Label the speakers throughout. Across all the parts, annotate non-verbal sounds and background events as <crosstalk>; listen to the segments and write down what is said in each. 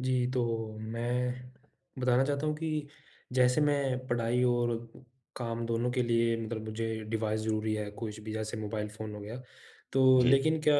Speaker 1: जी, तो मैं बताना चाहता हूँ कि जैसे मैं पढ़ाई और काम दोनों के लिए मतलब मुझे डिवाइस ज़रूरी है। कुछ भी जैसे मोबाइल फ़ोन हो गया। तो
Speaker 2: जी।
Speaker 1: लेकिन क्या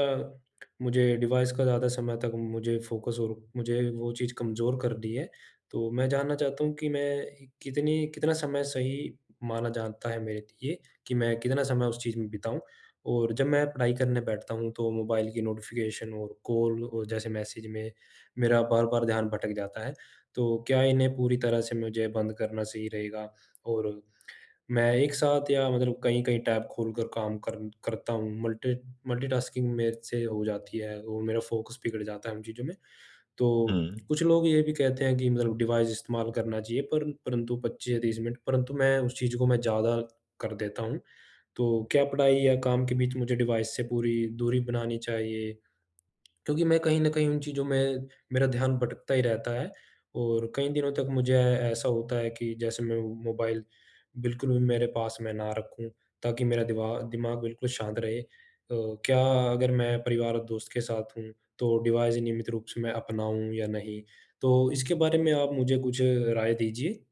Speaker 1: मुझे डिवाइस का ज़्यादा समय तक मुझे फ़ोकस और मुझे वो चीज़ कमज़ोर कर दी है। तो मैं जानना चाहता हूँ कि मैं कितनी कितना समय सही माना जाता है मेरे लिए कि मैं कितना समय उस चीज़ में बिताऊँ। और जब मैं पढ़ाई करने बैठता हूँ, तो मोबाइल की नोटिफ़िकेशन और कॉल और जैसे मैसेज में मेरा बार-बार ध्यान भटक जाता है। तो क्या इन्हें पूरी तरह से मुझे बंद करना सही रहेगा? और मैं एक साथ या मतलब कहीं-कहीं टैब खोलकर काम कर करता हूँ। मल्टी मल्टीटास्किंग मेरे से हो जाती है और मेरा फ़ोकस बिगड़ जाता है इन चीज़ों में। तो
Speaker 2: हुँ।
Speaker 1: कुछ लोग ये भी कहते हैं कि मतलब डिवाइस इस्तेमाल करना चाहिए पर परंतु 25 या 30 मिनट परंतु मैं उस चीज़ को मैं ज़्यादा कर देता हूँ। तो क्या पढ़ाई या काम के बीच मुझे डिवाइस से पूरी दूरी बनानी चाहिए? क्योंकि मैं कहीं न कहीं उन चीज़ों में मेरा ध्यान भटकता ही रहता है और कई दिनों तक मुझे ए ऐसा होता है कि जैसे मैं मोबाइल बिल्कुल भी मेरे पास में ना रखूँ, ताकि मेरा दिवा दिमाग बिल्कुल शांत रहे। अ, क्या अगर मैं परिवार और दोस्त के साथ हूँ, तो डिवाइस नियमित रूप से मैं अपनाऊँ या नहीं? तो इसके बारे में आप मुझे कुछ राय दीजिए?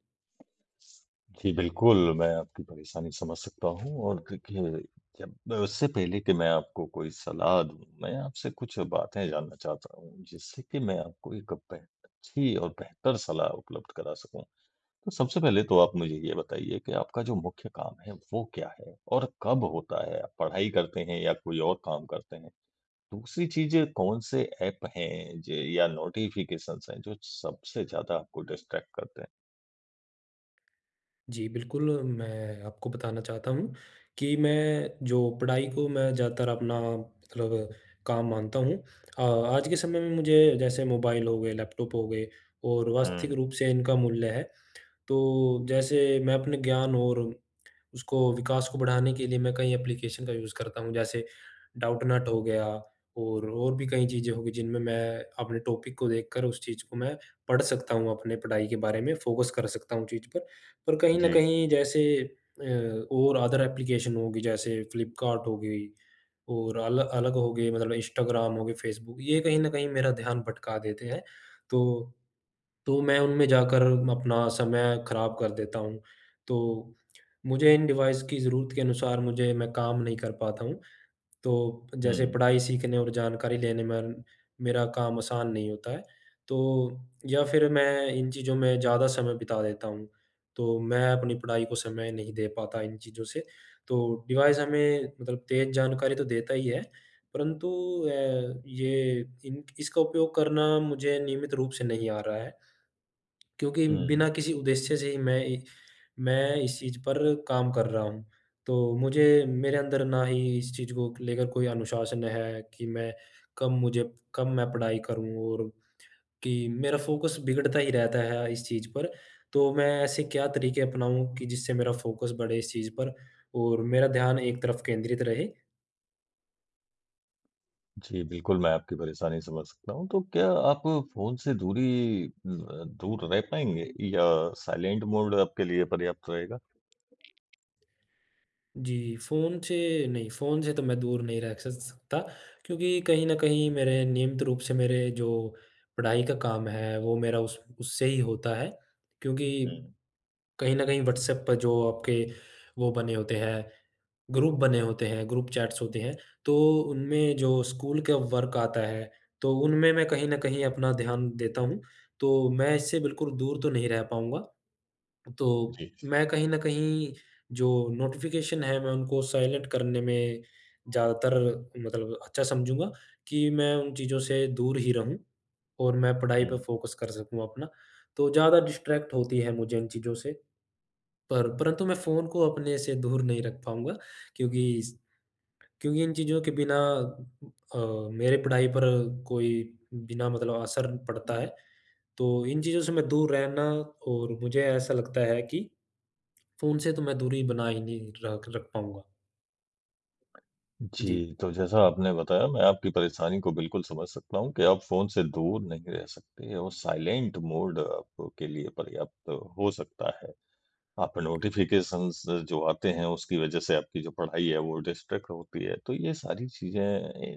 Speaker 2: जी बिल्कुल, मैं आपकी परेशानी समझ सकता हूँ और देखिए, जब उससे पहले कि मैं आपको कोई सलाह दूँ, मैं आपसे कुछ बातें जानना चाहता हूँ, जिससे कि मैं आपको एक बेह अच्छी और बेहतर सलाह उपलब्ध करा सकूँ। तो सबसे पहले तो आप मुझे ये बताइए कि आपका जो मुख्य काम है वो क्या है? और कब होता है? आप पढ़ाई करते हैं या कोई और काम करते हैं? दूसरी चीज़ है, कौन-से ऐप हैं ज या नोटिफिकेशन्स हैं, जो सबसे ज़्यादा आपको डिस्ट्रैक्ट करते हैं?
Speaker 1: जी बिल्कुल, मैं आपको बताना चाहता हूँ कि मैं जो पढ़ाई को मैं ज़्यादातर अपना मतलब, काम मानता हूँ। अ, आज के समय में मुझे जैसे मोबाइल हो गए, लैपटॉप हो गए, और वास्तविक
Speaker 2: हुँ।
Speaker 1: रूप से इनका मूल्य है, तो जैसे मैं अपने ज्ञान और उसको विकास को बढ़ाने के लिए, मैं कई एप्लिकेशन का यूज़ करता हूँ, जैसे डाउटनॉट हो गया और और भी कई चीज़ें हो गई, जिनमें मैं अपने टॉपिक को देखकर उस चीज़ को मैं पढ़ सकता हूँ, अपने पढ़ाई के बारे में फ़ोकस कर सकता हूँ चीज़ पर। पर कहीं न
Speaker 2: जी।
Speaker 1: कहीं जैसे अ और अदर एप्लिकेशन होगी, जैसे फ़्लिपकार्ट हो गई और अल अलग हो गए, मतलब इंस्टाग्राम हो गए, फ़ेसबुक, ये कहीं न कहीं मेरा ध्यान भटका देते हैं तो तो मैं उनमें जाकर अपना समय खराब कर देता हूँ। तो मुझे इन डिवाइस की ज़रूरत के अनुसार मुझे मैं काम नहीं कर पाता हूँ, तो जैसे
Speaker 2: हुँ।
Speaker 1: पढ़ाई, सीखने और जानकारी लेने मन मेरा काम आसान नहीं होता है तो या फिर मैं इन चीज़ों में ज़्यादा समय बिता देता हूँ, तो मैं अपनी पढ़ाई को समय नहीं दे पाता इन चीज़ों से। तो डिवाइस हमें मतलब तेज़ जानकारी तो देता ही है परंतु अ, ये इन इसका उपयोग करना मुझे नियमित रूप से नहीं आ रहा है। क्योंकि
Speaker 2: हुँ।
Speaker 1: बिना किसी उद्देश्य से ही मैं इ मैं इस चीज़ पर काम कर रहा हूँ, तो मुझे मेरे अंदर ना ही इस चीज़ को लेकर कोई अनुशासन है कि मैं कब मुझे कब मैं पढ़ाई करूँ और कि मेरा फ़ोकस बिगड़ता ही रहता है इस चीज़ पर। तो मैं ऐसे क्या तरीके अपनाऊँ कि जिससे मेरा फ़ोकस बढ़े इस चीज़ पर और मेरा ध्यान एक तरफ केंद्रित रहे?
Speaker 2: जी बिल्कुल, मैं आपकी परेशानी समझ सकता हूँ। तो क्या आप फ़ोन से दुरी उम अ, दूर रह पाएँगे या साइलेंट मोड आपके लिए पर्याप्त रहेगा?
Speaker 1: जी, फ़ोन से नहीं, फ़ोन से तो मैं दूर नहीं रह स स सकता क्योंकि कहीं न कहीं मेरे नियमित रूप से मेरे जो पढ़ाई का काम है, वो मेरा उस उससे ही होता है। क्योंकि
Speaker 2: हुँ।
Speaker 1: कहीं न कहीं व्हाट्सऐप पर जो आपके वो बने होते हैं, ग्रुप बने होते हैं, ग्रुप चैट्स होते हैं, तो उनमें जो स्कूल का वर्क आता है, तो उनमें मैं कहीं न कहीं अपना ध्यान देता हूँ। तो मैं इससे बिल्कुल दूर तो नहीं रह पाऊँगा। तो
Speaker 2: जी।
Speaker 1: मैं कहीं न कहीं जो नोटिफ़िकेशन है, मैं उनको साइलेंट करने में ज्यादातर मतलब अच्छा समझूँगा कि मैं उन चीज़ों से दूर ही रहूँ और मैं पढ़ाई पे
Speaker 2: हुँ।
Speaker 1: फ़ोकस कर सकूँ अपना। तो ज़्यादा डिस्ट्रैक्ट होती है मुझे इन चीज़ों से, पर परंतु मैं फ़ोन को अपने से दूर नहीं रख पाऊँगा क्योंकि इस क्योंकि इन चीज़ों के बिना अ, मेरे पढ़ाई पर कोई बिना मतलब असर पड़ता है। तो इन चीज़ों से मैं दूर रहना और मुझे ऐसा लगता है कि फ़ोन से तो मैं दूरी बना ही नहीं र रख पाऊँगा। जी।
Speaker 2: जी, तो जैसा आपने बताया मैं आपकी परेशानी को बिल्कुल समझ सकता हूँ कि आप फोन से दूर नहीं रह सकते और साइलेंट मोड आपके लिए पर्याप्त हो सकता है। आप नोटिफिकेशंस जो आते हैं उसकी वजह से आपकी जो पढ़ाई है वो डिस्ट्रैक्ट होती है, तो ये सारी चीज़ें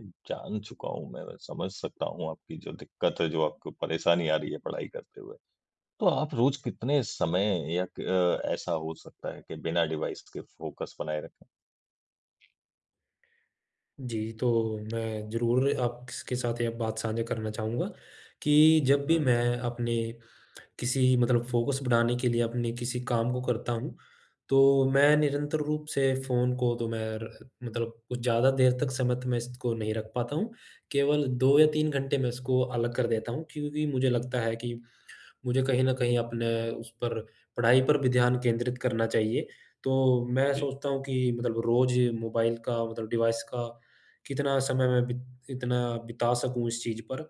Speaker 2: अ, जान चुका हूँ मैं, समझ सकता हूँ आपकी जो दिक्कत है, जो आपको परेशानी आ रही है पढ़ाई करते हुए। तो आप रोज कितने समय या क ऐसा हो सकता है कि बिना डिवाइस के फोकस बनाए रखें?
Speaker 1: जी, तो मैं ज़रूर आपके स साथ ये बात साझा करना चाहूँगा, कि जब भी
Speaker 2: हुँ।
Speaker 1: मैं अपने <clicks tongue> किसी मतलब फोकस बढ़ाने के लिए अपने किसी काम को करता हूँ, तो मैं निरंतर रूप से फोन को तो मैं र मतलब कुछ ज़्यादा देर तक सीमित मैं इसको नहीं रख पाता हूँ। केवल 2 या 3 घंटे मैं इसको अलग कर देता हूँ क्योंकि मुझे लगता है कि मुझे कहीं न कहीं अपने उस पर पढ़ाई पर भी ध्यान केंद्रित करना चाहिए। तो मैं
Speaker 2: जी।
Speaker 1: सोचता हूँ कि मतलब रोज मोबाईल का मतलब डिवाइस का कितना समय मैं बि इतना बिता सकूँ इस चीज़ पर।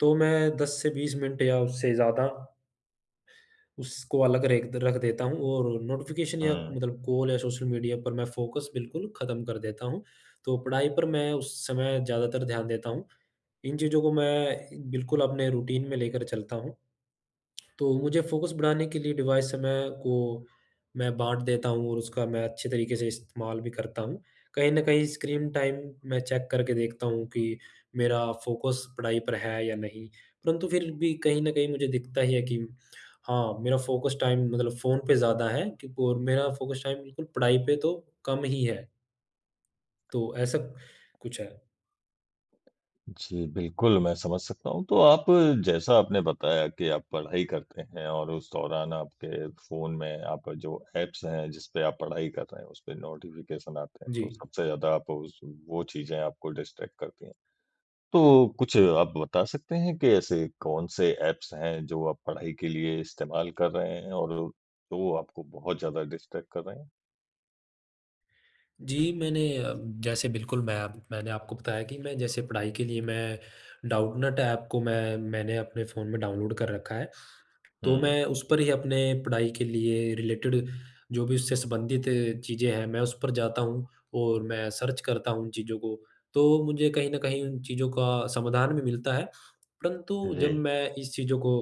Speaker 1: तो मैं 10 से 20 मिनट या उससे ज़्यादा उसको अलग रेख रख देता हूँ और नोटिफ़िकेशन या
Speaker 2: हुँ।
Speaker 1: मतलब कॉल या सोशल मीडिया पर मैं फोकस बिल्कुल खत्म कर देता हूँ, तो पढ़ाई पर मैं उस समय ज़्यादातर ध्यान देता हूँ। इन चीज़ों को मैं बिल्कुल अपने रूटीन में लेकर चलता हूँ। तो मुझे फोकस बढ़ाने के लिए डिवाइस समय को मैं बाँट देता हूँ और उसका मैं अच्छे तरीके से इस्तेमाल भी करता हूँ। कहीं न कहीं स्क्रीन टाइम मैं चेक करके देखता हूँ कि मेरा फोकस पढ़ाई पर है या नहीं। परंतु फिर भी कहीं न कहीं मुझे दिखता ही है कि हाँ, मेरा फोकस टाइम मतलब फोन पे ज़्यादा है क और मेरा फोकस टाइम बिल्कुल पढ़ाई पे तो कम ही है। तो ऐसा कुछ है।
Speaker 2: जी, बिल्कुल मैं समझ सकता हूँ। तो आप जैसा आपने बताया कि आप पढ़ाई करते हैं और उस दौरान आपके फ़ोन में आपका जो ऐप्स हैं, जिस पे आप पढ़ाई कर रहे हैं, उस पे नोटिफ़िकेशन आते हैं तो
Speaker 1: जी।
Speaker 2: सबसे ज़्यादा आप उस वो चीजें आपको डिस्ट्रैक्ट करती हैं। तो कुछ आप बता सकते हैं कि ऐसे कौन से ऐप्स हैं जो आप पढ़ाई के लिए इस्तेमाल कर रहे हैं और जो आपको बहुत ज़्यादा डिस्ट्रैक्ट कर रहे हैं?
Speaker 1: जी, मैंने अ, जैसे बिल्कुल मै अप मैंने आपको बताया कि मैं जैसे पढ़ाई के लिए मैं डाउटनट ऐप को मैं मैंने अपने फ़ोन में डाउनलोड कर रखा है। तो
Speaker 2: हुँ।
Speaker 1: मैं उस पर ही अपने पढ़ाई के लिए रिलेटेड जो भी उससे संबंधित चीज़ें हैं, मैं उस पर जाता हूँ और मैं सर्च करता हूँ उन चीज़ों को, तो मुझे कहीं न कहीं उन चीज़ों का समाधान भी मिलता है।
Speaker 2: हाँ
Speaker 1: परंतु जब
Speaker 2: जी।
Speaker 1: मैं इस चीज़ों को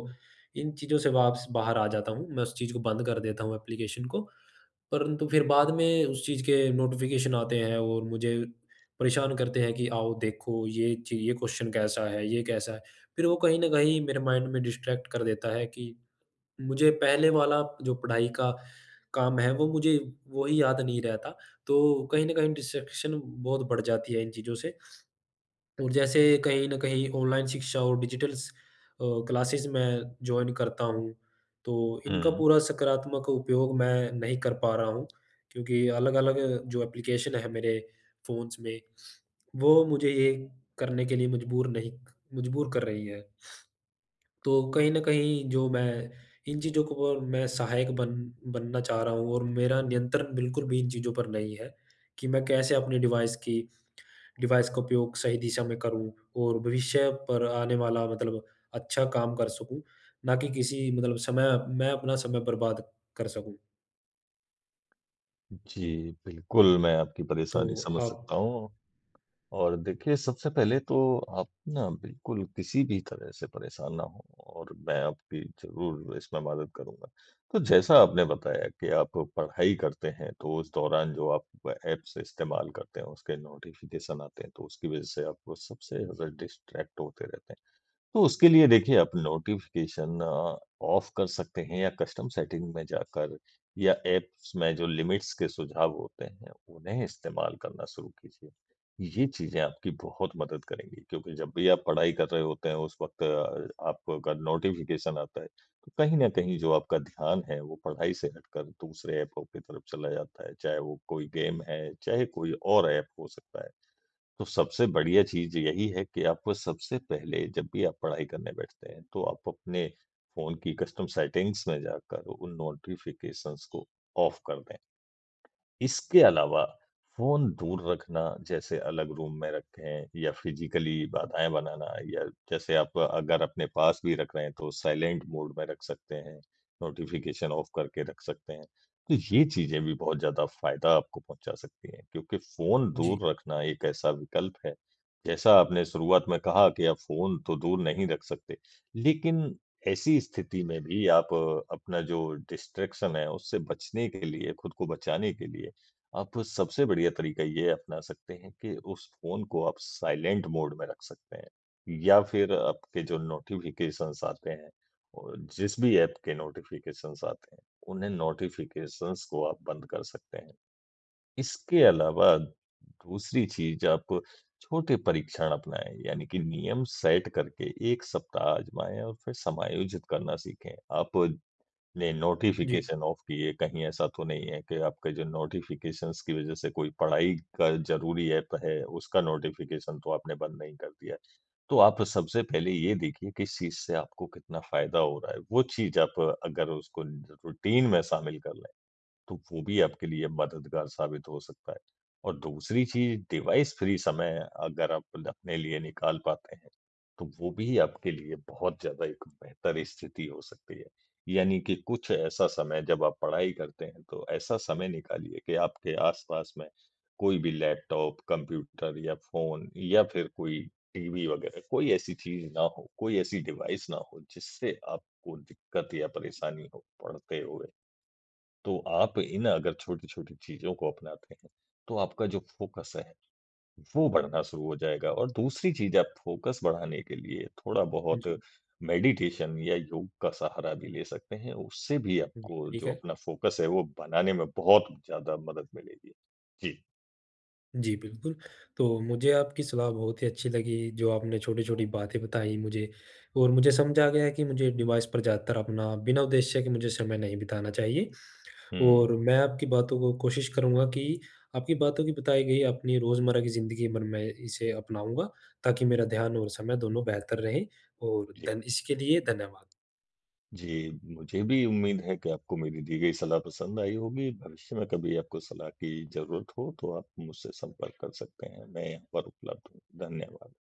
Speaker 1: इन चीज़ों से वापस बाहर आ जाता हूँ, मैं उस चीज़ को बंद कर देता हूँ ऐप्लीकेशन को। परंतु फिर बाद में उस चीज के नोटिफ़िकेशन आते हैं और मुझे परेशान करते हैं कि आओ देखो ये च ये क्वेश्चन कैसा है, ये कैसा है। फिर वो कहीं न कहीं मेरे माइंड में डिस्ट्रैक्ट कर देता है कि, मुझे पहले वाला जो पढ़ाई का काम है, वो मुझे वो ही याद नहीं रहता। तो कहीं न कहीं डिस्ट्रैक्शन बहुत बढ़ जाती है इन चीज़ों से और जैसे कहीं न कहीं ऑनलाइन शिक्षा और डिजिटल स अ, क्लासेस मैं जॉइन करता हूँ, तो इनका
Speaker 2: हुँ।
Speaker 1: पूरा सकारात्मक उपयोग मैं नहीं कर पा रहा हूँ, क्योंकि अलग-अलग जो ऐप्लीकेशन है मेरे फ़ोन्स में, वो मुझे ये करने के लिए मजबूर नहीं मजबूर कर रही है। तो कहीं न कहीं जो मैं इन चीज़ों को कर मैं सहायक बन बनना चाह रहा हूँ और मेरा नियंत्रण बिल्कुल भी इन चीज़ों पर नहीं है, कि मैं कैसे अपने डिवाइस की डिवाइस का उपयोग सही दिशा में करूँ और भविष्य पर आने वाला मतलब अच्छा काम कर सकूँ, ना कि किसी मतलब समय मैं अपना समय बर्बाद कर सकूँ।
Speaker 2: जी, बिल्कुल मैं आपकी परेशानी
Speaker 1: तो,
Speaker 2: समझ
Speaker 1: हाँ।
Speaker 2: सकता हूँ। और देखिए सबसे पहले तो आप ना बिल्कुल किसी भी तरह से परेशान ना हों और मैं आपकी ज़रूर इसमें मदद करूँगा। तो जैसा आपने बताया कि आप पढ़ाई करते हैं, तो उस दौरान जो आप ऐप्स इस्तेमाल करते हैं उसके नोटिफ़िकेशन आते हैं तो उसकी वजह से आप सबसे ज़्यादा डिस्ट्रैक्ट होते रहते हैं। तो उसके लिए देखिए आप नोटिफ़िकेशन ऑफ कर सकते हैं या कस्टम सेटिंग्स में जाकर या ऐप्स में जो लिमिट्स के सुझाव होते हैं, उन्हें इस्तेमाल करना शुरू कीजिए। ये चीजें आपकी बहुत मदद करेंगी क्योंकि जब भी आप पढ़ाई कर रहे होते हैं उस वक़्त आपको अगर नोटिफ़िकेशन आता है, तो कहीं न कहीं जो आपका ध्यान है वो पढ़ाई से हटकर दूसरे ऐप्पों की तरफ चला जाता है चाहे वो कोई गेम है, चाहे कोई और ऐप हो सकता है। तो सबसे बढ़िया चीज़ यही है कि आपको सबसे पहले जब भी आप पढ़ाई करने बैठते हैं तो आप अपने फ़ोन की कस्टम सेटिंग्स में जाकर उन नोटिफ़िकेशन्स को ऑफ कर दें। इसके अलावा, फ़ोन दूर रखना जैसे अलग रूम में रखें या फिजिकली बाधाएँ बनाना या जैसे आप अगर अपने पास भी रख रहे हैं तो साइलेंट मोड में रख सकते हैं, नोटिफ़िकेशन ऑफ करके रख सकते हैं। तो ये चीज़ें भी बहुत ज़्यादा फायदा आपको पहुँचा सकती हैं क्योंकि फ़ोन
Speaker 1: जी।
Speaker 2: दूर रखना एक ऐसा विकल्प है, जैसा आपने शुरुआत में कहा कि आप फ़ोन तो दूर नहीं रख सकते, लेकिन ऐसी स्थिति में भी आप अपना जो डिस्ट्रैक्शन है उससे बचने के लिए खुद को बचाने के लिए, आप सबसे बढ़िया तरीका यह अपना सकते हैं कि उस फ़ोन को आप साइलेंट मोड में रख सकते हैं। या फिर आपके जो नोटिफ़िकेशन्स आते हैं और जिस भी ऐप के नोटिफ़िकेशन्स आते हैं, उन्हें नोटिफ़िकेशन्स को आप बंद कर सकते हैं। इसके अलावा दूसरी चीज़ आप छोटे परीक्षण अपनाएँ यानी कि नियम सेट करके 1 सप्ताह आजमाएँ और फिर समायोजित करना सीखें, आप ने
Speaker 1: जी।
Speaker 2: नोटिफ़िकेशन ऑफ किए कहीं ऐसा तो नहीं है कि आपके जो नोटिफ़िकेशन्स की वजह से कोई पढ़ाई का ज़रूरी ऐप है, उसका नोटिफ़िकेशन तो आपने बंद नहीं कर दिया। तो आप सबसे पहले ये देखिए कि इस चीज़ से आपको कितना फायदा हो रहा है वो चीज आप अगर उसको रूटीन में शामिल कर लें, तो वो भी आपके लिए मददगार साबित हो सकता है। और दूसरी चीज़ डिवाइस फ्री समय अगर आप अपने लिए निकाल पाते हैं, तो वो भी आपके लिए बहुत ज़्यादा एक बेहतर स्थिति हो सकती है। यानी कि कुछ ऐसा समय जब आप पढ़ाई करते हैं तो ऐसा समय निकालिए कि आपके आसपास में, कोई भी लैपटॉप, कंप्यूटर या फ़ोन या फिर कोई टीवी वगैरह कोई ऐसी चीज़ ना हो, कोई ऐसी डिवाइस ना हो जिससे आपको दिक्कत या परेशानी हो पढ़ते हुए। तो आप इन अगर छोटी-छोटी चीज़ों को अपनाते हैं, तो आपका जो फ़ोकस है, वो बढ़ना शुरू हो जाएगा और दूसरी चीज आप फ़ोकस बढ़ाने के लिए थोड़ा बहुत
Speaker 1: जी।
Speaker 2: मेडिटेशन या योग का सहारा भी ले सकते हैं, उससे भी
Speaker 1: हुँ।
Speaker 2: आपको
Speaker 1: ठीक
Speaker 2: जो
Speaker 1: है।
Speaker 2: अपना फ़ोकस है वो बनाने में बहुत ज़्यादा मदद मिलेगी। जी।
Speaker 1: जी, बिल्कुल। तो मुझे आपकी सलाह बहुत ही अच्छी लगी, जो आपने छोटी-छोटी बातें बताई मुझे और मुझे समझ आ गया है कि मुझे डिवाइस पर ज़्यादातर अपना बिना उद्देश्य के मुझे समय नहीं बिताना चाहिए।
Speaker 2: हुँ।
Speaker 1: और मैं आपकी बातों को कोशिश करूँगा कि आपकी बातों की बताई गई अपनी रोजमर्रा की जिंदगी मन मैं इसे अपनाऊँगा, ताकि मेरा ध्यान और समय दोनों बेहतर रहे। और
Speaker 2: जी।
Speaker 1: धन इसके लिए धन्यवाद।
Speaker 2: जी, मुझे भी उम्मीद है कि आपको मेरी दी गई सलाह पसंद आई होगी। भविष्य में कभी आपको सलाह की ज़रूरत हो, तो आप मुझसे संपर्क कर सकते हैं मैं यहाँ पर उपलब्ध हूँ। धन्यवाद।